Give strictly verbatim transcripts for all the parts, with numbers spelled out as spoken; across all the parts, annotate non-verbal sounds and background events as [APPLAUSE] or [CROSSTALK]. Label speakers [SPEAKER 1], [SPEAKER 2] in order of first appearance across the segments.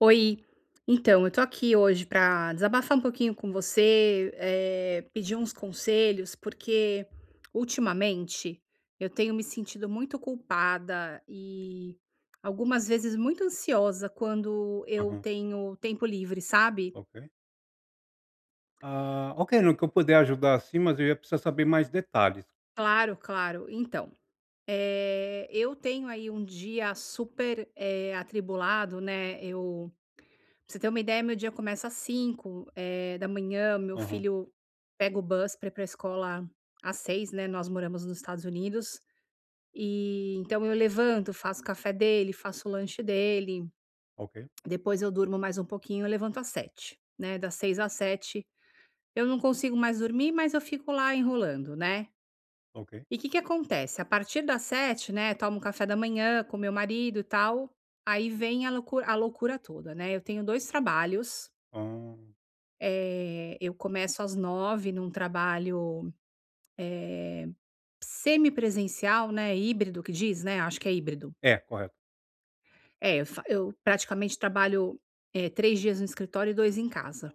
[SPEAKER 1] Oi. Então, eu tô aqui hoje pra desabafar um pouquinho com você. Eh, pedir uns conselhos, porque ultimamente eu tenho me sentido muito culpada, e algumas vezes muito ansiosa quando eu
[SPEAKER 2] Aham.
[SPEAKER 1] tenho tempo livre, sabe.
[SPEAKER 2] Ok. Ah, ok, no que eu puder ajudar, assim, mas eu ia precisar saber mais detalhes.
[SPEAKER 1] Claro, claro. Então, eh, eu tenho aí um dia super, eh, atribulado, né. Eu pra você ter uma ideia, meu dia começa às cinco, eh, da manhã, meu
[SPEAKER 2] Aham.
[SPEAKER 1] filho pega o bus pra ir para a escola às seis, né, nós moramos nos Estados Unidos, e então eu levanto, faço o café dele, faço o lanche dele.
[SPEAKER 2] Ok.
[SPEAKER 1] Depois eu durmo mais um pouquinho, eu levanto às sete, né, das seis às sete eu não consigo mais dormir, mas eu fico lá enrolando, né.
[SPEAKER 2] Ok.
[SPEAKER 1] E que que acontece, a partir das sete, né, tomo café da manhã com meu marido e tal. Aí vem a loucura a loucura toda, né. Eu tenho dois trabalhos.
[SPEAKER 2] Hã.
[SPEAKER 1] Eh, eu começo às nove num trabalho, eh, semipresencial, né, híbrido que diz, né? Acho que é híbrido.
[SPEAKER 2] É, correto.
[SPEAKER 1] É, eu fa eu, praticamente, trabalho, eh, três dias no escritório e dois em casa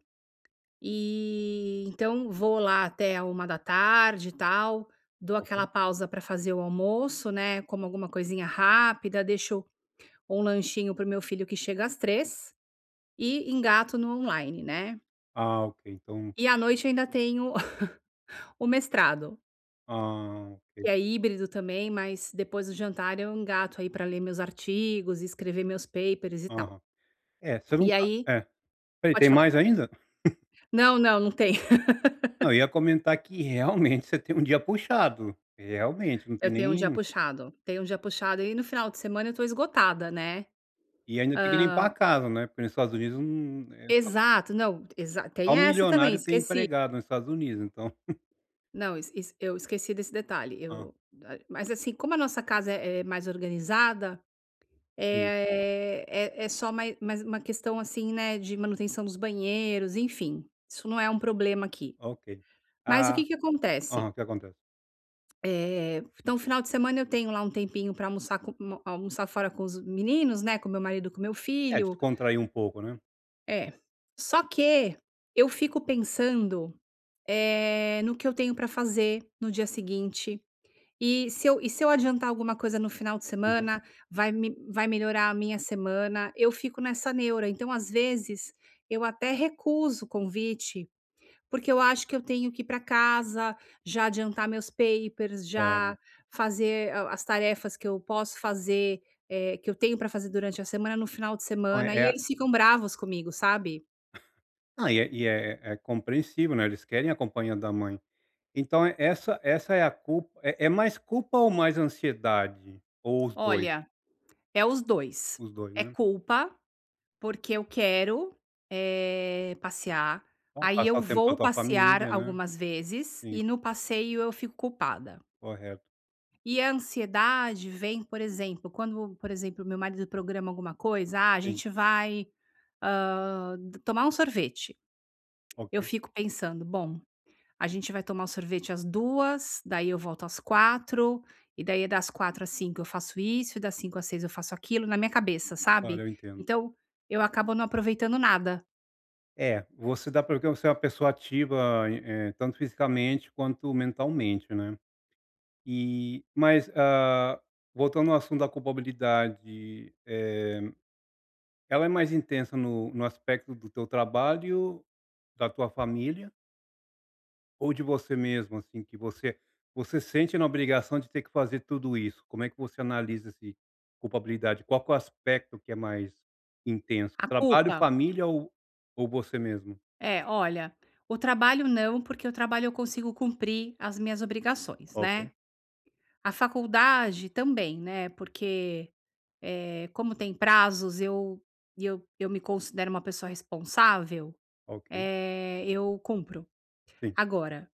[SPEAKER 1] e então vou lá até à uma da tarde e tal, dou
[SPEAKER 2] Ok.
[SPEAKER 1] aquela pausa para fazer o almoço, né. Como alguma coisinha rápida, deixo um lanchinho para o meu filho, que chega às três e engato no online, né.
[SPEAKER 2] Ah, ok, então
[SPEAKER 1] E à noite ainda tenho [CHUCKLES] o mestrado
[SPEAKER 2] Ah, ok.
[SPEAKER 1] que é híbrido também, mas depois do jantar eu engato, aí, para ler meus artigos e escrever meus papers e tal.
[SPEAKER 2] Aham. É, você não
[SPEAKER 1] E
[SPEAKER 2] tá
[SPEAKER 1] aí
[SPEAKER 2] é, espera aí,
[SPEAKER 1] pode
[SPEAKER 2] tem
[SPEAKER 1] falar.
[SPEAKER 2] mais ainda? [CHUCKLES]
[SPEAKER 1] Não, não, não tenho.
[SPEAKER 2] Não, eu
[SPEAKER 1] [LAUGHS]
[SPEAKER 2] ia comentar que, realmente, você tem um dia puxado, realmente, não tem
[SPEAKER 1] Eu tenho um dia
[SPEAKER 2] nem
[SPEAKER 1] puxado, tenho um dia puxado e no final de semana eu estou esgotada, né.
[SPEAKER 2] E ainda tem que limpar a
[SPEAKER 1] Hã
[SPEAKER 2] casa, né. Porque nos Estados Unidos não é so
[SPEAKER 1] Exato, não exa
[SPEAKER 2] só
[SPEAKER 1] tem essa também,
[SPEAKER 2] milionário tem
[SPEAKER 1] esqueci.
[SPEAKER 2] empregada nos Estados Unidos, então. [CHUCKLES]
[SPEAKER 1] Não, isso isso, eu esqueci desse detalhe
[SPEAKER 2] Hã.
[SPEAKER 1] eu ah, mas, assim, como a nossa casa é é mais organizada,
[SPEAKER 2] Sim.
[SPEAKER 1] é é é só mai mais uma questão, assim, né, de manutenção dos banheiros, enfim, isso não é um problema aqui,
[SPEAKER 2] Ok.
[SPEAKER 1] mas o que
[SPEAKER 2] Ah.
[SPEAKER 1] que acontece?
[SPEAKER 2] Aham, o que acontece?
[SPEAKER 1] Eh, então o final de semana eu tenho lá um tempinho pra almoçar com um almoçar fora com os meninos, né? Com meu marido e com meu
[SPEAKER 2] É,
[SPEAKER 1] filho.
[SPEAKER 2] descontrair um pouco, né.
[SPEAKER 1] É. Só que eu fico pensando, eh, no que eu tenho pra fazer no dia seguinte e se eu e se eu adiantar alguma coisa no final de
[SPEAKER 2] Aham.
[SPEAKER 1] semana, vai me vai melhorar a minha semana, eu fico nessa neura, então, às vezes, eu até recuso o convite, porque eu acho que eu tenho que ir pra casa, já adiantar meus papers,
[SPEAKER 2] Claro.
[SPEAKER 1] já fazer a as tarefas que eu posso fazer, eh, que eu tenho pra fazer durante a semana, no final de
[SPEAKER 2] Não é,
[SPEAKER 1] semana,
[SPEAKER 2] é
[SPEAKER 1] e
[SPEAKER 2] a
[SPEAKER 1] eles ficam bravos comigo, sabe?
[SPEAKER 2] Não, e é e é é compreensível, né, eles querem a companhia a mãe, então é essa essa é a culpa é é mais culpa, ou mais ansiedade, ou os dois?
[SPEAKER 1] Olha, é os dois,
[SPEAKER 2] Os dois,
[SPEAKER 1] é
[SPEAKER 2] não é?
[SPEAKER 1] culpa, porque eu quero, eh, passear,
[SPEAKER 2] Bom
[SPEAKER 1] aí,
[SPEAKER 2] passar
[SPEAKER 1] eu
[SPEAKER 2] o tempo com a
[SPEAKER 1] vou
[SPEAKER 2] tua
[SPEAKER 1] passear
[SPEAKER 2] família, né.
[SPEAKER 1] algumas vezes
[SPEAKER 2] Sim.
[SPEAKER 1] e no passeio eu fico culpada.
[SPEAKER 2] Correto.
[SPEAKER 1] E a ansiedade vem, por exemplo, quando, por exemplo, meu marido programa alguma coisa: "Ah, a
[SPEAKER 2] Sim.
[SPEAKER 1] gente vai, hã, tomar um sorvete", eu
[SPEAKER 2] Ok.
[SPEAKER 1] fico pensando: "Bom, a gente vai tomar o sorvete às duas, daí eu volto às quatro e, daí, eh, das quatro às cinco, eu faço isso, e das cinco às seis eu faço aquilo", na minha cabeça,
[SPEAKER 2] Olha,
[SPEAKER 1] sabe.
[SPEAKER 2] eu entendo.
[SPEAKER 1] Então eu acabo não aproveitando nada.
[SPEAKER 2] É, você dá, porque você é uma pessoa ativa, eh, tanto fisicamente quanto mentalmente, né. Eh, mas ah, voltando ao assunto da culpabilidade, eh, ela é mais intensa no no aspecto do teu trabalho, da tua família ou de você mesmo, assim, que você você sente na obrigação de ter que fazer tudo isso? Como é que você analisa esse culpabilidade? Qual que é o aspecto que é mais intenso?
[SPEAKER 1] A
[SPEAKER 2] Trabalho,
[SPEAKER 1] culpa?
[SPEAKER 2] família ou ou você mesmo?
[SPEAKER 1] É, olha, o trabalho, não, porque o trabalho eu consigo cumprir as minhas obrigações, né,
[SPEAKER 2] Ok.
[SPEAKER 1] a faculdade também, né, porque, eh, como tem prazos, eu eu eu me considero uma pessoa responsável,
[SPEAKER 2] Ok.
[SPEAKER 1] eh, eu cumpro,
[SPEAKER 2] Sim.
[SPEAKER 1] agora,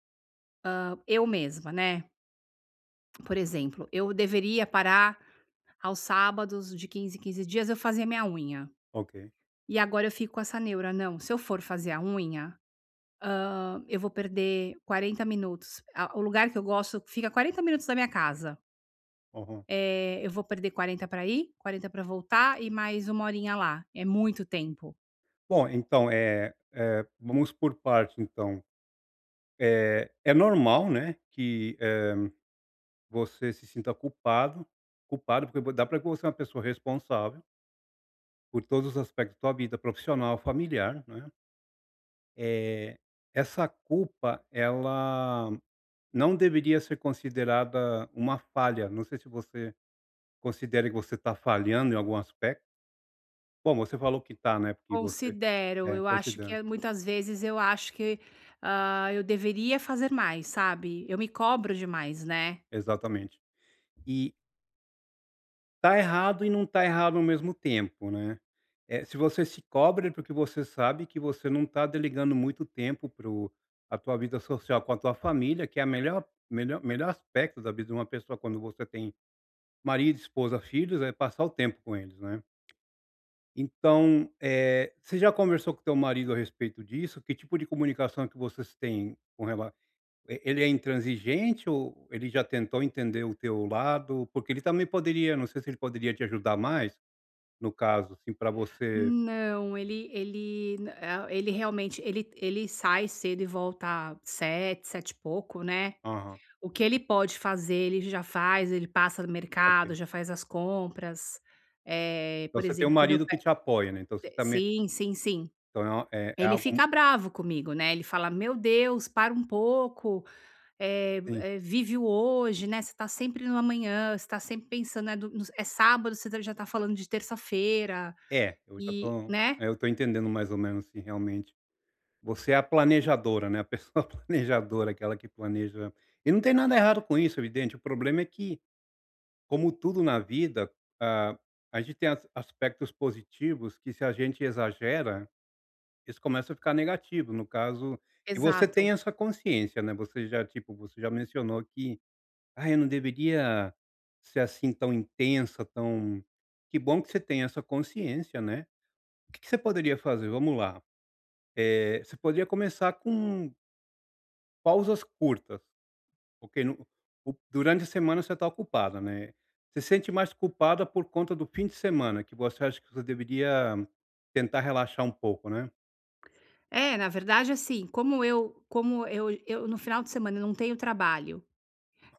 [SPEAKER 1] hã, eu mesma, né por exemplo, eu deveria parar aos sábados, de quinze em quinze dias, eu fazia minha unha
[SPEAKER 2] Ok.
[SPEAKER 1] e agora eu fico com essa neura: "Não, se eu for fazer a unha, hã, eu vou perder quarenta minutos". A o lugar que eu gosto fica quarenta minutos da minha casa.
[SPEAKER 2] Uhum.
[SPEAKER 1] Eh, eu vou perder quarenta para ir, quarenta pra voltar e mais uma horinha lá. É muito tempo!
[SPEAKER 2] Bom, então, eh eh, vamos por partes, então. Eh, é normal, né, que, eh, você se sinta culpado culpado porque vo dá pra ver que você é uma pessoa responsável por todos os aspectos da tua vida profissional, familiar, não é. Eh, essa culpa, ela não deveria ser considerada uma falha. Não sei se você considera que você tá falhando em algum aspecto. Bom, você falou que tá, né, porque você
[SPEAKER 1] Considero.
[SPEAKER 2] é,
[SPEAKER 1] Eu acho que
[SPEAKER 2] considera.
[SPEAKER 1] é muitas vezes eu acho que, ah, eu deveria fazer mais, sabe. Eu me cobro demais, né.
[SPEAKER 2] Exatamente. E Tá errado e não tá errado ao mesmo tempo, né. Eh, se você se cobra é porque você sabe que você não tá delegando muito tempo para o pra tua vida social com a tua família, que é a melhor melhor melhor aspecto da vida de uma pessoa, quando você tem marido, esposa, filhos, é passar o tempo com eles, não é. Então, eh, você já conversou com o teu marido a respeito disso? Que tipo de comunicação que vocês têm com rela eh, ele é intransigente ou ou ele já tentou entender o teu lado? Porque ele também poderia não sei se ele poderia te ajudar mais, no caso, assim, pra você
[SPEAKER 1] Não, ele ele nã eh, ele, realmente ele ele sai cedo e volta sete, sete e pouco, né.
[SPEAKER 2] Aham.
[SPEAKER 1] O que ele pode fazer, ele já faz, ele passa no mercado,
[SPEAKER 2] Ok.
[SPEAKER 1] já faz as compras. Eh,
[SPEAKER 2] Então,
[SPEAKER 1] por
[SPEAKER 2] você tem um
[SPEAKER 1] exemplo, quando eu
[SPEAKER 2] marido
[SPEAKER 1] pe
[SPEAKER 2] que te apoia, né. Então, você
[SPEAKER 1] te
[SPEAKER 2] também
[SPEAKER 1] sim, sim, sim.
[SPEAKER 2] Então, é é
[SPEAKER 1] Ele
[SPEAKER 2] algo
[SPEAKER 1] fica bravo comigo, né, ele fala: "Meu Deus, para um pouco! Eh
[SPEAKER 2] Sim.
[SPEAKER 1] eh, vive o hoje, né, você tá sempre no amanhã. Você tá sempre pensando, né, do nos É sábado, você já tá falando de terça-feira",
[SPEAKER 2] É, eu já
[SPEAKER 1] e
[SPEAKER 2] tô
[SPEAKER 1] né.
[SPEAKER 2] eh, eu tô entendendo mais ou menos, assim, realmente. Você é a planejadora, né, a pessoa planejadora, aquela que planeja E não tem nada errado com isso, evidente, o problema é que, como tudo na vida, ah, a gente tem as aspectos positivos que, se a gente exagera, isso começa a ficar negativo, no caso E você tem
[SPEAKER 1] Exato.
[SPEAKER 2] essa consciência, né, você já, tipo, você já mencionou que: "Ah, eu não deveria ser assim tão intensa, tão" Que bom que você tem essa consciência, né. O que que você poderia fazer? Vamos lá, eh, você poderia começar com Pausas curtas, porque no no durante a semana você está ocupada, né. Você sente mais culpada por conta do fim de semana, que você acha que você deveria tentar relaxar um pouco, né?
[SPEAKER 1] É, na verdade, assim, como eu como eu eu no final de semana, eu não tenho trabalho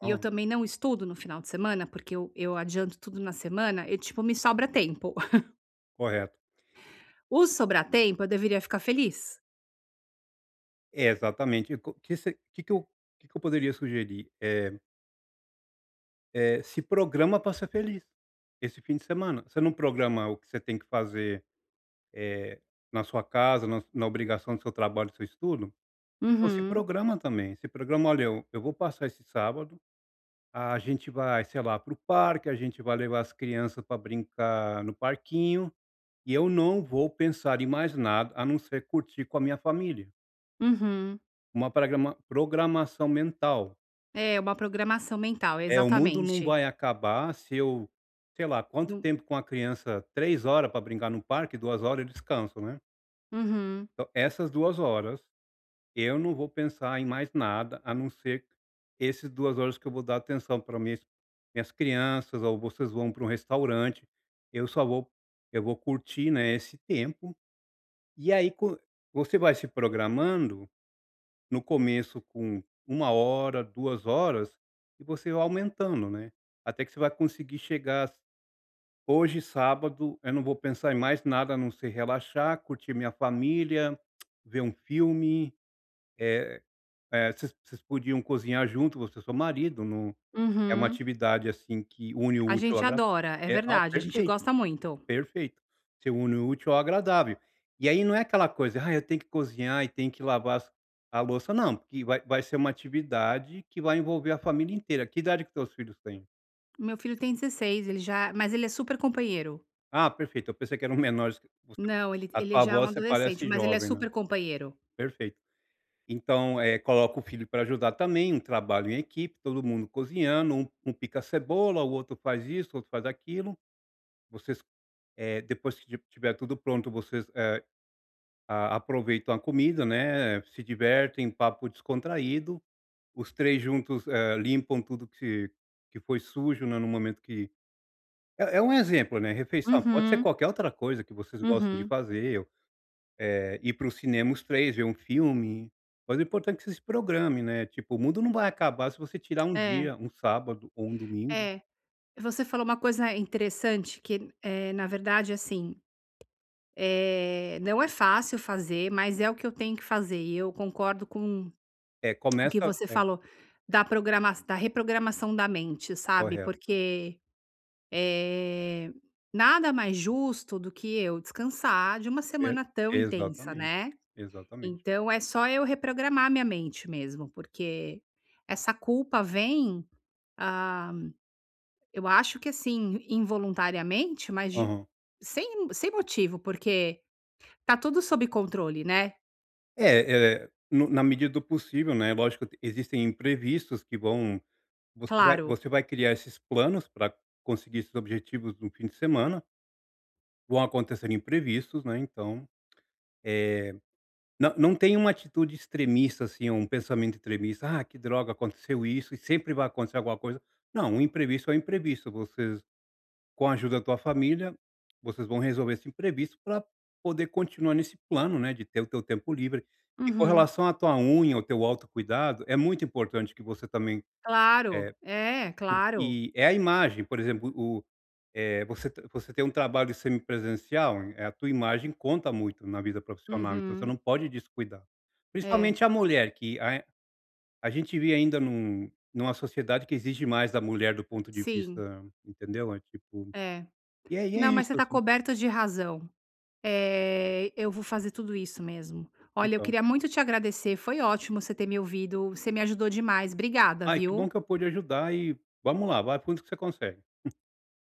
[SPEAKER 1] e eu também não estudo no final de semana, porque eu eu adianto tudo na semana e, tipo, me sobra tempo [CHUCKLES]
[SPEAKER 2] Correto.
[SPEAKER 1] O "sobra tempo", eu deveria ficar feliz.
[SPEAKER 2] É, exatamente e co que se que que eu que que eu poderia sugerir? Eh eh, se programa para ser feliz. Esse fim de semana, você não programa o que você tem que fazer, eh, na sua casa, na na obrigação do seu trabalho, do seu estudo? Então se
[SPEAKER 1] Uhum.
[SPEAKER 2] programa também, se programa: "Olha, eu eu vou passar esse sábado a gente vai, sei lá, para o parque, a gente vai levar as crianças para brincar no parquinho e eu não vou pensar em mais nada, a não ser curtir com a minha família".
[SPEAKER 1] Uhum.
[SPEAKER 2] Uma prégrama programação mental.
[SPEAKER 1] É, uma programação mental,
[SPEAKER 2] É, o mundo não
[SPEAKER 1] exatamente.
[SPEAKER 2] vai acabar se eu sei lá quanto
[SPEAKER 1] Num
[SPEAKER 2] tempo com a criança, três horas para brincar no parque, duas horas descanso, né?
[SPEAKER 1] Uhum.
[SPEAKER 2] Então, essas duas horas, eu não vou pensar em mais nada, a não ser esses duas horas que eu vou dar atenção para minhas minhas crianças ou vocês vão para um restaurante, eu só vou eu vou curtir, né, esse tempo e, aí, co você vai se programando, no começo com uma hora, duas horas e você vai aumentando, né, até que você vai conseguir chegar: "Hoje, sábado, eu não vou pensar em mais nada, a não ser relaxar, curtir minha família, [CLICKS TONGUE] ver um filme", eh eh, vocês vocês podiam cozinhar junto, você e o seu marido, num é uma
[SPEAKER 1] Uhum.
[SPEAKER 2] atividade, assim, que une o
[SPEAKER 1] A
[SPEAKER 2] útil ao
[SPEAKER 1] gente
[SPEAKER 2] agradá
[SPEAKER 1] adora, é
[SPEAKER 2] eh, ah,
[SPEAKER 1] verdade, a gente
[SPEAKER 2] perfeito,
[SPEAKER 1] gosta muito.
[SPEAKER 2] perfeito, você une o útil ao agradável e aí, não é aquela coisa: "Ai, eu tenho que cozinhar e tem que lavar as a louça", não, porque vai vai ser uma atividade que vai envolver a família inteira. Que idade que os teus filhos têm?
[SPEAKER 1] Meu filho tem dezesseis, ele já mas ele é super companheiro.
[SPEAKER 2] Ah, perfeito eu pensei que eram menores [UNINTELLIGIBLE]
[SPEAKER 1] Não, ele
[SPEAKER 2] a
[SPEAKER 1] ele
[SPEAKER 2] tua
[SPEAKER 1] já é um
[SPEAKER 2] voz você
[SPEAKER 1] adolescente.
[SPEAKER 2] parece
[SPEAKER 1] Mas ele é
[SPEAKER 2] jovem, né.
[SPEAKER 1] super companheiro.
[SPEAKER 2] Perfeito. Então, eh, coloca o filho para ajudar também, um trabalho em equipe, todo mundo cozinhando, um um pica cebola, o outro faz isso, o outro faz aquilo, vocês eh, depois que esti estiver tudo pronto, vocês, eh, a aproveitam a comida, né, se divertem, papo descontraído, os três juntos, eh, limpam tudo que que foi sujo, né, no momento que é é um exemplo, né, refeição, pode ser
[SPEAKER 1] Uhum.
[SPEAKER 2] qualquer outra coisa que vocês gostam de
[SPEAKER 1] Uhum.
[SPEAKER 2] fazer ou eh, ir para o cinema os três, ver um filme, mas é importante que você se programe, né. Tipo, o mundo não vai acabar se você tirar um
[SPEAKER 1] É.
[SPEAKER 2] dia, um sábado ou um domingo.
[SPEAKER 1] É. Você falou uma coisa interessante que n eh, na verdade, assim, eh, não é fácil fazer, mas é o que eu tenho que fazer. E eu concordo com
[SPEAKER 2] É,
[SPEAKER 1] [CLICKS TONGUE] o que
[SPEAKER 2] começa
[SPEAKER 1] você
[SPEAKER 2] é.
[SPEAKER 1] falou da programa da reprogramação da mente, sabe,
[SPEAKER 2] Correto.
[SPEAKER 1] porque, eh, nada mais justo do que eu descansar de uma
[SPEAKER 2] E
[SPEAKER 1] semana tão intensa,
[SPEAKER 2] exatamente.
[SPEAKER 1] né.
[SPEAKER 2] Exatamente.
[SPEAKER 1] Então é só eu reprogramar a minha mente mesmo, porque essa culpa vem ah, eu acho que, assim, involuntariamente, mas de
[SPEAKER 2] Aham.
[SPEAKER 1] sem sem motivo, porque está tudo sob controle, né.
[SPEAKER 2] É é no na medida do possível, né, é lógico t existem imprevistos que vão você vai
[SPEAKER 1] Claro.
[SPEAKER 2] você vai criar esses planos para conseguir esses objetivos no fim de semana. Vão acontecer imprevistos, né, então eh, não não tem uma atitude extremista, assim, é um pensamento extremista: "Ah, que droga aconteceu isso e sempre vai acontecer alguma coisa", não, o imprevisto é imprevisto, vocês, com a ajuda da tua família, vocês vão resolver esse imprevisto para poder continuar nesse plano, né, de ter o teu tempo livre e com
[SPEAKER 1] Uhum.
[SPEAKER 2] relação a tua unha, ao teu autocuidado, é muito importante que você, também
[SPEAKER 1] Claro,
[SPEAKER 2] eh,
[SPEAKER 1] é, claro.
[SPEAKER 2] porque é a imagem, por exemplo, o eh, você você tem um trabalho semipresencial, eh, a tua imagem conta muito na vida profissional, então você
[SPEAKER 1] Uhum.
[SPEAKER 2] não pode descuidar,
[SPEAKER 1] É.
[SPEAKER 2] principalmente a mulher que a a gente vê ainda num numa sociedade que exige mais da mulher do ponto de
[SPEAKER 1] Sim.
[SPEAKER 2] vista entendeu, é tipo,
[SPEAKER 1] É,
[SPEAKER 2] e é
[SPEAKER 1] não,
[SPEAKER 2] é
[SPEAKER 1] mas
[SPEAKER 2] isso
[SPEAKER 1] você está
[SPEAKER 2] assim.
[SPEAKER 1] coberto de razão, eh, eu vou fazer tudo isso mesmo. Olha, eu
[SPEAKER 2] Então
[SPEAKER 1] queria muito te agradecer, foi ótimo você ter me ouvido, você me ajudou demais, obrigada,
[SPEAKER 2] Ai, que bom
[SPEAKER 1] viu.
[SPEAKER 2] que eu pude ajudar e vamos lá, vai fundo que você consegue. [CHUCKLES]